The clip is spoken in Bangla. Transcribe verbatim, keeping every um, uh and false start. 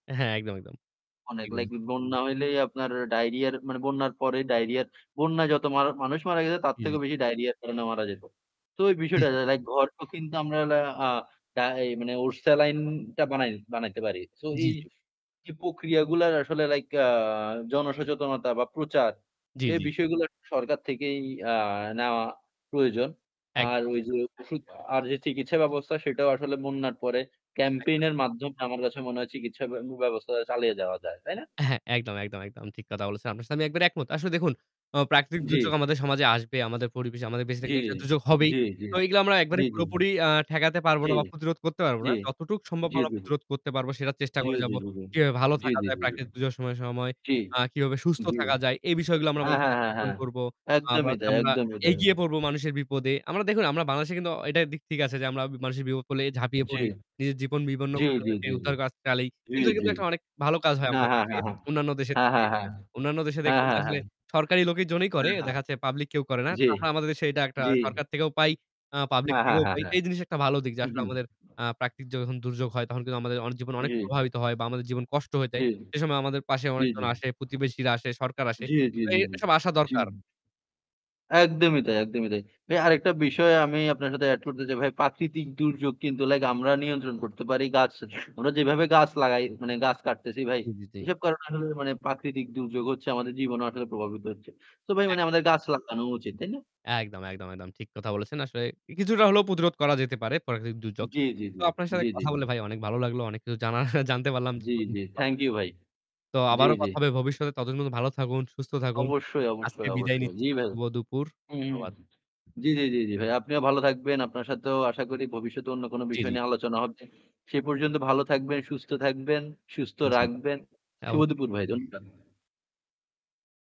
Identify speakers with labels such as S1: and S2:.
S1: হ্যাঁ, একদম, একদম,
S2: অনেক
S1: ঠিক
S2: লাইক
S1: [unintelligible]
S2: ই বন্যা হলেই আপনার ডায়রিয়ার মানে বন্যার পরেই ডায়রিয়ার, বন্যায় যত মা মানুষ মারা গেছে তার
S1: জি,
S2: থেকেও
S1: জি।
S2: বেশি ডায়রিয়ার কারণে মারা যেত। তো এই
S1: জি,
S2: বিষয়টা
S1: জি।
S2: যে লাইক [unintelligible] কিন্তু আমরা আ ডা এই মানে ওরসালাইনটা বানাই বানাইতে পারি। সো
S1: জি,
S2: এই,
S1: জি।
S2: এই প্রক্রিয়াগুলার আসলে লাইক অ্যা জনসচেতনতা বা প্রচার,
S1: জি,
S2: এই
S1: জি।
S2: বিষয়গুলো সরকার থেকেই আ নেওয়া প্রয়োজন। আর
S1: একদম,
S2: ওই যে
S1: একদম।
S2: ওষুধ আর যে চিকিৎসা ব্যবস্থা, সেটাও আসলে বন্যার পরে campaign
S1: একদম।
S2: এর মাধ্যমে আমার কাছে মনে হয় চিকিৎসা ব্য উম ব্যবস্থা চালিয়ে যাওয়া যায়। তাই না?
S1: হ্যাঁ একদম, একদম একদম ঠিক কথা বলেছেন। আপনার সাথে আমি একবারে একমত। আসলে দেখু, আ প্রাকৃতিক
S2: জি।
S1: দুর্যোগ আমাদের সমাজে আসবে, আমাদের পরিবেশে আমাদের বেঁচে
S2: জি,
S1: থাকলে একটা দুযোগ হবেই।
S2: জি, জি,
S1: তো এগুলো আমরা একবারে
S2: জি, জি, জি,
S1: পুরোপুরি আ ঠেকাতে পারবো
S2: জি,
S1: না বা প্রতিরোধ করতে পারব না।
S2: জি,
S1: যতটুক সম্ভব
S2: জি,
S1: আমরা
S2: জি, জি।
S1: প্রতিরোধ করতে পারব সেটা চেষ্টা
S2: জি,
S1: করে
S2: জি,
S1: যাবো।
S2: জি, জি,
S1: কিভাবে ভালো
S2: জি,
S1: থাকা
S2: জি,
S1: যায়
S2: জি, জি,
S1: প্রাকৃতিক দূযোর সম সময়
S2: জি,
S1: আ কিভাবে সুস্থ
S2: জি,
S1: থাকা যায়। এই বিষয়গুলো আমরা
S2: হ্যাঁ,
S1: মানুষকে
S2: হ্যাঁ, হ্যাঁ,
S1: সচেতন
S2: হ্যাঁ,
S1: করবো। আবা
S2: একদমই
S1: হচ্ছে
S2: তাই
S1: আমরা
S2: একদমই তাই।
S1: এগিয়ে পড়বো মানুষের বিপদে। আমরা দেখুন আমরা বাংলাদেশে কিন্তু অ এটা দিক ঠিক আছে যে আমরা মানুষের বিপপ হলে ঝাঁপিয়ে
S2: জি,
S1: পড়ি। নিজের জীবন বিপন্ন
S2: জি,
S1: করে
S2: জি,
S1: তাদেরকে
S2: জি, জি,
S1: উদ্ধারকাজ চালি।
S2: জি,
S1: এগুলো
S2: জি।
S1: কিন্তু একটা অনেক ভালো কাজ হয়
S2: হ্যাঁ,
S1: আমাদের
S2: হ্যাঁ,
S1: দেশে,
S2: হ্যাঁ,
S1: অন্যান্য দেশের
S2: হ্যাঁ,
S1: থেকে।
S2: হ্যাঁ, হ্যাঁ, হ্যাঁ,
S1: অন্যান্য দেশে
S2: হ্যাঁ,
S1: দেখবেন যে
S2: হ্যাঁ,
S1: আসলে
S2: হ্যাঁ।
S1: সরকারি লোকি জন্যেই করে।
S2: হ্যাঁ, হ্যাঁ,
S1: দেখাচ্ছে পাবলিক কেউ করে না।
S2: জি,
S1: তো আমরা আমাদের দেশে এটা একটা
S2: জি।
S1: সরকার থেকেও পাই, আ পাবলিক
S2: হ্যাঁ, হ্যাঁ,
S1: থেকেও
S2: হ্যাঁ,
S1: পাই। তো
S2: হ্যাঁ,
S1: এই জিনিস একটা ভালো দিক যে
S2: হু,
S1: আসলে আমাদের আ
S2: হু।
S1: প্রাকৃতিক যন দুর্যোগ হয় তখন কিন্তু আমাদের অনেক জীবন অনেক
S2: জি।
S1: প্রভাবিত হয় বা আমাদের জীবন কষ্ট হয়ে যায়।
S2: জি, জি,
S1: সে সময় আমাদের পাশে
S2: জি,
S1: অনেকজন
S2: জি।
S1: আসে, প্রতিবেশীরা আসে, সরকার আসে।
S2: জি, জি,
S1: তো এ
S2: জি, জি,
S1: এসব আসা দরকার।
S2: জি। একদমই তাই একদমই তাই। ভাই আরেকটা বিষয় আমি আপনার সাথে অ্যাড করতে
S1: জি,
S2: চাই ভাই
S1: জি।
S2: পাকৃতিক দুর্যোগ কিন্তু লাইক আমরা নিয়ন্ত্রণ করতে পারি গাছ আমরা যেইভাবে গাছ লাগাই মানে গাছ কাটতেছি ভাই।
S1: জি, জি, জি।
S2: এসব কারণে আসলে মানে প্রাকৃতিক দুর্যোগ হচ্ছে আমাদের জীবনও আসলে প্রভাবিত হচ্ছে। তো ভাই মানে
S1: একদম।
S2: আমাদের গাছ লাগানো উচিত, তাই না?
S1: একদম, একদম, একদম ঠিক কথা বলেছেন। আসলে ই কিছুটা হলেও প্রতিরোধ করা যেতে পারে প্রাকৃত দুর্যোগ।
S2: জি, জি,
S1: তো
S2: জি,
S1: আপনার সাথে
S2: জি, জি,
S1: কথা
S2: জি।
S1: বলে ভাই অনেক ভালো লাগলো। অনেক কিছু জানার জানতে পারলাম।
S2: জি, জি,
S1: জীবনমূখী কথা
S2: থ্যাংক ইউ
S1: হইলো।
S2: ভাই
S1: তো
S2: জি,
S1: আবারো
S2: জি।
S1: কথা হবে ভবিষ্যতে ততদিন পর্যন্ত ভালো থাকুন, সুস্থ থাকুন।
S2: অবশ্যই,
S1: আজকে
S2: অবশ্যই
S1: বিদায়
S2: অবশ্যই।
S1: নিচ্ছি
S2: জি ভাই।
S1: শুভ দুপুর।
S2: উহু,
S1: ধন্যবাদ।
S2: জি, জি, জি, জি, ভাই। আপনিও ভালো থাকবেন। আপনার সাথেও আশা করি ভবিষ্যতে অন্য কোন
S1: জি,
S2: বিষয়
S1: জি।
S2: নিয়ে আলোচনা হবে। সে পর্যন্ত ভালো থাকবেন, সুস্থ থাকবেন, সুস্থ
S1: জি
S2: রাখবেন।
S1: হ্যাঁ
S2: শুভ
S1: অবশ্যই।
S2: দুপুর ভাই ধন্যবাদ।